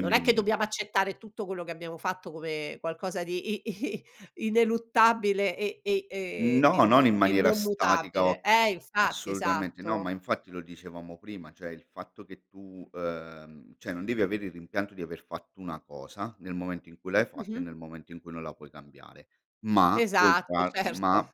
Non è dimmi, che di dobbiamo accettare tutto quello che abbiamo fatto, come qualcosa di i i ineluttabile e e ehm, e No, non n in e maniera non statica mutabile o eh infatti, assolutamente. No, esatto. ma infatti lo dicevamo prima, cioè il fatto che tu, ehm, cioè non devi avere il rimpianto di aver fatto una cosa, nel momento in cui l'hai fatta e Mh-mh. nel momento in cui non la puoi cambiare, ma puoi Esatto, trar certo. ma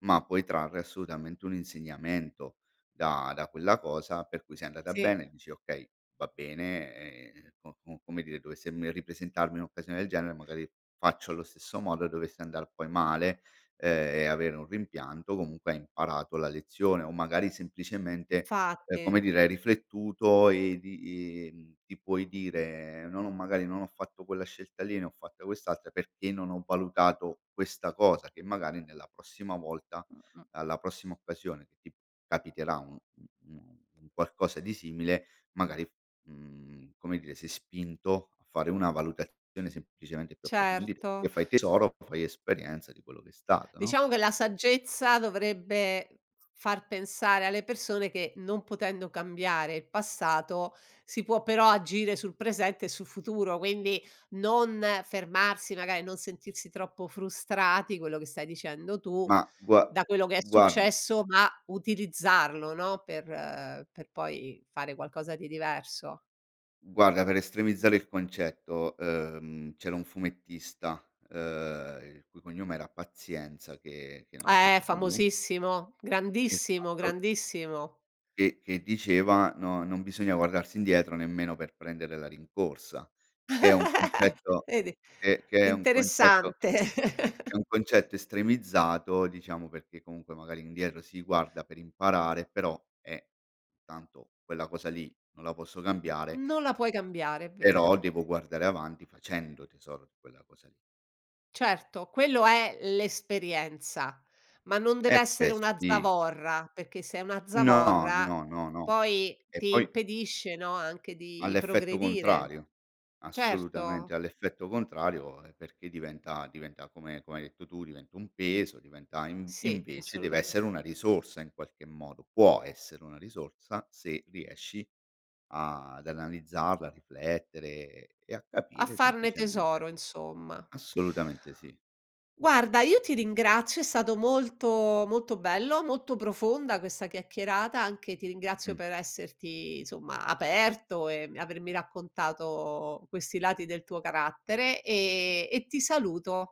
ma puoi trarre assolutamente un insegnamento, da da quella cosa, per cui se è andata Sì. bene, dici: "Okay, va bene ehm, co com come dire dovesse me ripresentarmi un occasione del genere magari faccio allo stesso modo." E dovesse andar poi male, ehm, e avere un rimpianto, comunque hai imparato la lezione, o magari semplicemente, ehm, come Infatti. dire hai riflettuto e di i ti puoi dire: "No ho magari, non ho fatto quella scelta lì, ne ho fatta quest'altra perché non ho valutato questa cosa." Che magari nella prossima volta, Mh-mh. alla prossima occasione che ti capiterà u u un un qualcosa di simile, magari f mhmm, come dire, sei spinto a fare una valutazione semplicemente più approfondita, e Certo. fai tesoro, fai esperienza di quello che è stato, no? Diciamo, che la saggezza dovrebbe f far pensare alle persone che non potendo cambiare il passato, si può però agire sul presente e sul futuro, quindi non fermarsi magari non sentirsi troppo frustrati, quello che stai dicendo tu Ma gua da quello che è guarda successo, ma utilizzarlo, no, per per poi fare qualcosa di diverso. guarda per estremizzare il concetto, ehm, c'era un fumettista, ehm, il cui cognome era Pazienza, che che non c'è Eh più famosissimo, grandissimo, Esatto. grandissimo. Che che diceva: "No non bisogna guardarsi indietro, nemmeno per prendere la rincorsa." Che è un concetto Vedi, che che è un concetto interessante. è un concetto estremizzato, diciamo, perché comunque magari indietro si guarda per imparare, però eh, tanto quella cosa lì non la posso cambiare Non la puoi cambiare, è vero. però devo guardare avanti, facendo tesoro di quella cosa lì. Certo, quello è l'esperienza, ma non deve Eh essere beh, una sì. zavorra, perché se è una No, zavorra no, no, no, poi e ti poi impedisce, no, anche ha di l'effetto progredire. contrario, assolutamente, Certo. ha l'effetto contrario e perché diventa diventa come come hai detto tu, diventa un peso, diventa inv Sì, invece deve assolutamen essere una risorsa in qualche modo, può essere una risorsa se riesci a ad analizzarla, a riflettere e a A capire farne semplicemente. tesoro, insomma. Assolutamente sì. Guarda io ti ringrazio, è stato molto molto bello, molto profonda questa chiacchierata, anche ti ringrazio Mh. per esserti insomma, aperto e mi avermi raccontato questi lati del tuo carattere, ehm, e ti saluto.